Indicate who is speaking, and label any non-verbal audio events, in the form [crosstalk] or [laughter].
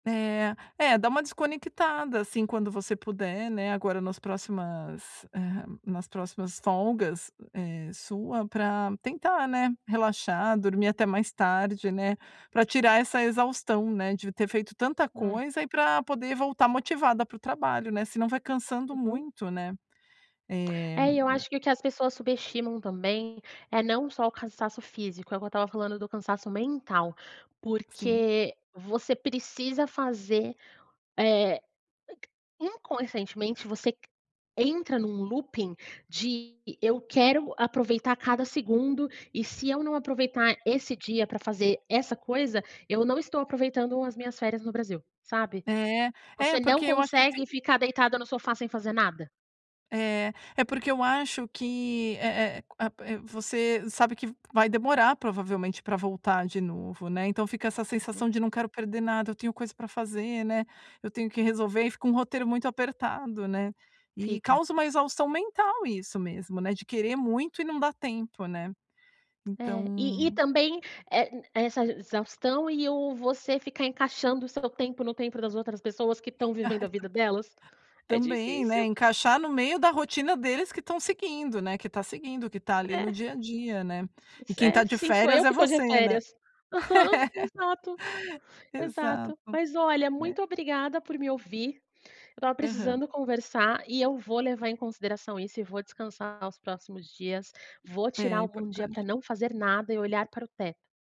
Speaker 1: É. É, dá uma desconectada, assim, quando você puder, né, agora nas próximas, hã, nas próximas folgas, eh, sua, pra tentar, né, relaxar, dormir até mais tarde, né, pra tirar essa exaustão, né, de ter feito tanta
Speaker 2: É.
Speaker 1: coisa e pra poder voltar motivada para o trabalho, né, senão vai cansando
Speaker 2: Uhum.
Speaker 1: muito, né. Eh
Speaker 2: É, e eu acho que o que as pessoas subestimam também é não só o cansaço físico, é o que eu estava falando do cansaço mental,
Speaker 1: Sim.
Speaker 2: porque você precisa fazer, eh, inconscientemente você c entra num looping de: "Eu quero aproveitar cada segundo e se eu não aproveitar esse dia pra fazer essa coisa, eu não estou aproveitando as minhas férias no Brasil", sabe.
Speaker 1: É.
Speaker 2: Você
Speaker 1: É,
Speaker 2: não
Speaker 1: porque eu acho que assi
Speaker 2: consegue ficar deitada no sofá, sem fazer nada.
Speaker 1: É. É porque eu acho que, eh eh, a pe você sabe que v vai demorar, provavelmente, pra voltar de novo, né, então fica essa
Speaker 2: Uhum.
Speaker 1: sensação de "não quero perder nada, eu tenho coisa para fazer, né. Eu tenho que resolver", e fica um roteiro muito apertado, né, e
Speaker 2: Fica.
Speaker 1: causa uma exaustão mental isso mesmo, né, de querer muito e não dá tempo, né,
Speaker 2: É, e e
Speaker 1: então
Speaker 2: também, eh, e essa exaustão e o você ficar encaixando o seu tempo no tempo das outras pessoas que estão vivendo
Speaker 1: Ai,
Speaker 2: a vida
Speaker 1: também.
Speaker 2: delas. É
Speaker 1: Também, né,
Speaker 2: difícil.
Speaker 1: encaixar no meio da rotina deles que estão seguindo, né, que tá seguindo, que tá ali no
Speaker 2: É.
Speaker 1: dia a dia, né. E quem
Speaker 2: É,
Speaker 1: tá de
Speaker 2: sim sou
Speaker 1: férias
Speaker 2: eu
Speaker 1: é
Speaker 2: que tô de
Speaker 1: você, né.
Speaker 2: férias. Aham,
Speaker 1: [laughs]
Speaker 2: exato, exato.
Speaker 1: Exato,
Speaker 2: Mas olha,
Speaker 1: é.
Speaker 2: muito obrigada por me ouvir, eu estava
Speaker 1: Aham.
Speaker 2: precisando conversar e eu vou levar em consideração isso e vou descansar os próximos dias, vou
Speaker 1: É,
Speaker 2: tirar
Speaker 1: é
Speaker 2: algum dia pra
Speaker 1: importante.
Speaker 2: não fazer nada e olhar para o teto.